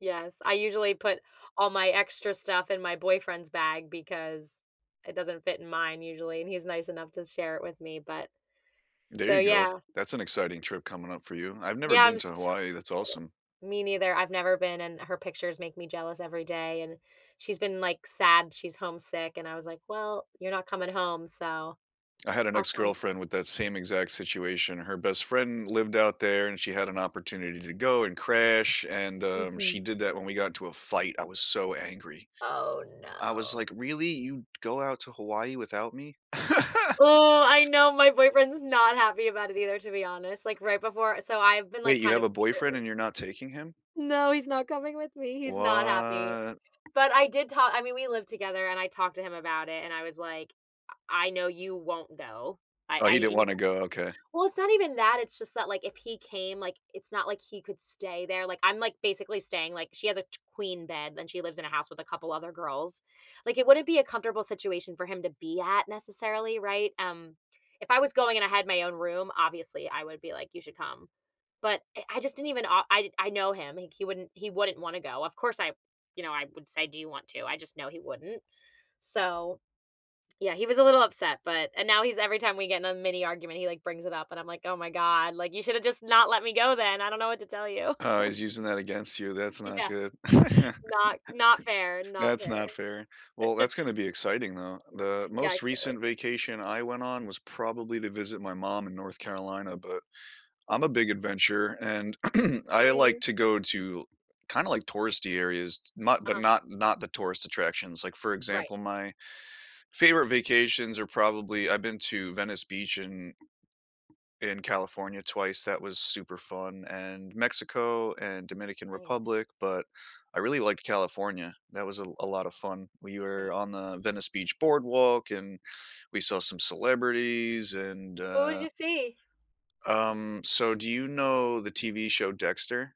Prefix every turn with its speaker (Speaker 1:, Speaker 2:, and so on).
Speaker 1: Yes, I usually put all my extra stuff in my boyfriend's bag because it doesn't fit in mine, usually, and he's nice enough to share it with me, but
Speaker 2: There
Speaker 1: So,
Speaker 2: you go,
Speaker 1: yeah.
Speaker 2: that's an exciting trip coming up for you. I've never
Speaker 1: Yeah,
Speaker 2: been
Speaker 1: I'm
Speaker 2: to
Speaker 1: so
Speaker 2: Hawaii, that's
Speaker 1: excited.
Speaker 2: awesome.
Speaker 1: Me neither, I've never been, and her pictures make me jealous every day, and she's been, like, sad, she's homesick, and I was like, "Well, you're not coming home, so
Speaker 2: I had an
Speaker 1: I'll come to"
Speaker 2: ex-girlfriend with that same exact situation. Her best friend lived out there, and she had an opportunity to go and crash, and, um,
Speaker 1: Mhm.
Speaker 2: she did that when we got into a fight, I was so angry,
Speaker 1: Oh
Speaker 2: I was
Speaker 1: no.
Speaker 2: like, "Really, you go out to Hawaii without me?"
Speaker 1: Oh, I know my boyfriend's not happy about it either, to be honest, like right before So I've been, like,
Speaker 2: Wait, you
Speaker 1: kind
Speaker 2: have
Speaker 1: of
Speaker 2: a boyfriend
Speaker 1: secretly
Speaker 2: and you're not taking him?
Speaker 1: No, he's not coming with me. He's not happy.
Speaker 2: What?
Speaker 1: But I did talk I mean, we lived together and I talked to him about it and I was like, "I I know you won't go. I
Speaker 2: Oh,
Speaker 1: I"
Speaker 2: he didn't
Speaker 1: He's
Speaker 2: wanna go, okay.
Speaker 1: Well, it's not even that, it's just that like, if he came, like, it's not like he could stay there, like, I'm, like, basically staying, like, she has a t queen bed and she lives in a house with a couple other girls, like, it wouldn't be a comfortable situation for him to be at necessarily, right, um, if I was going and I had my own room, obviously I would be like, "You should come." But I I just didn't even o I I know him, he c he wouldn't he wouldn't wanna go. Of course, I you know, I would say, "Do you want to?" I just know he wouldn't. So, yeah, he was a little upset, but and now he's every time we get in a mini argument, he, like, brings it up, and I'm like, "Oh my God, like, you should have just not let me go then. I don't know what to tell you."
Speaker 2: Oh, he's using that against you. That's not
Speaker 1: Yeah,
Speaker 2: good.
Speaker 1: not not fair, not
Speaker 2: That's
Speaker 1: fair.
Speaker 2: not fair. Well, that's gonna be exciting though. The
Speaker 1: Yeah, I
Speaker 2: most
Speaker 1: can't wait.
Speaker 2: recent vacation I went on was probably to visit my mom in North Carolina, but I'm a big adventurer, and l like to
Speaker 1: Nice.
Speaker 2: go to kinda like touristy areas, not but
Speaker 1: Uh-huh.
Speaker 2: not not the tourist attractions. Like, for
Speaker 1: Right.
Speaker 2: example, my favorite vacations are probably I've been to Venice Beach and in California twice, that was super fun, and Mexico and Dominican
Speaker 1: Nice.
Speaker 2: Republic, but I really liked California, that was a l a lot of fun, we
Speaker 1: Nice.
Speaker 2: were on the Venice Beach boardwalk and we saw some celebrities and,
Speaker 1: Who'd
Speaker 2: uh
Speaker 1: you see?
Speaker 2: Um, so do you know the TV show Dexter?